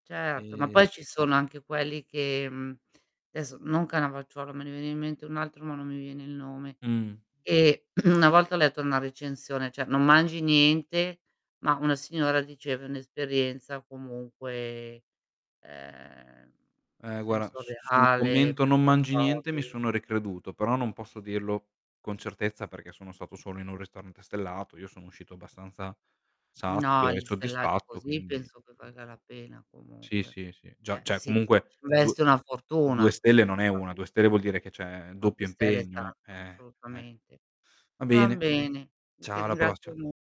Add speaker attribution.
Speaker 1: Certo, ma
Speaker 2: E
Speaker 1: poi ci sono anche quelli che, mhmm, adesso non Cannavacciuolo, me ne veniva in mente un altro ma non mi viene il nome,
Speaker 2: Mh.
Speaker 1: e una volta ho letto una recensione, cioè non mangi niente, ma una signora diceva:"È un'esperienza comunque, ehm,
Speaker 2: Eh guarda s sul
Speaker 1: sensoriale,
Speaker 2: commento "non
Speaker 1: perché
Speaker 2: mangi niente"
Speaker 1: provi"
Speaker 2: mi sono ricreduto, però non posso dirlo con certezza perché sono stato solo in 1 ristorante stellato, io sono uscito abbastanza
Speaker 1: No,
Speaker 2: sazio e
Speaker 1: li stellati
Speaker 2: soddisfatto
Speaker 1: così
Speaker 2: quindi,
Speaker 1: penso che
Speaker 2: mh
Speaker 1: valga la pena
Speaker 2: Sì,
Speaker 1: comunque.
Speaker 2: sì, sì, già
Speaker 1: Eh
Speaker 2: cioè
Speaker 1: sì,
Speaker 2: comunque due
Speaker 1: c'investe una fortuna
Speaker 2: 2 stelle non è 1,
Speaker 1: assolutamente.
Speaker 2: 2 stelle vuol dire che c'è
Speaker 1: Ma
Speaker 2: doppio
Speaker 1: 2 stelle è
Speaker 2: impegno,
Speaker 1: tanto,
Speaker 2: eh, eh.
Speaker 1: assolutamente.
Speaker 2: Va
Speaker 1: Va
Speaker 2: bene,
Speaker 1: bene. Io ti
Speaker 2: ciao alla prossima.
Speaker 1: ringrazio mo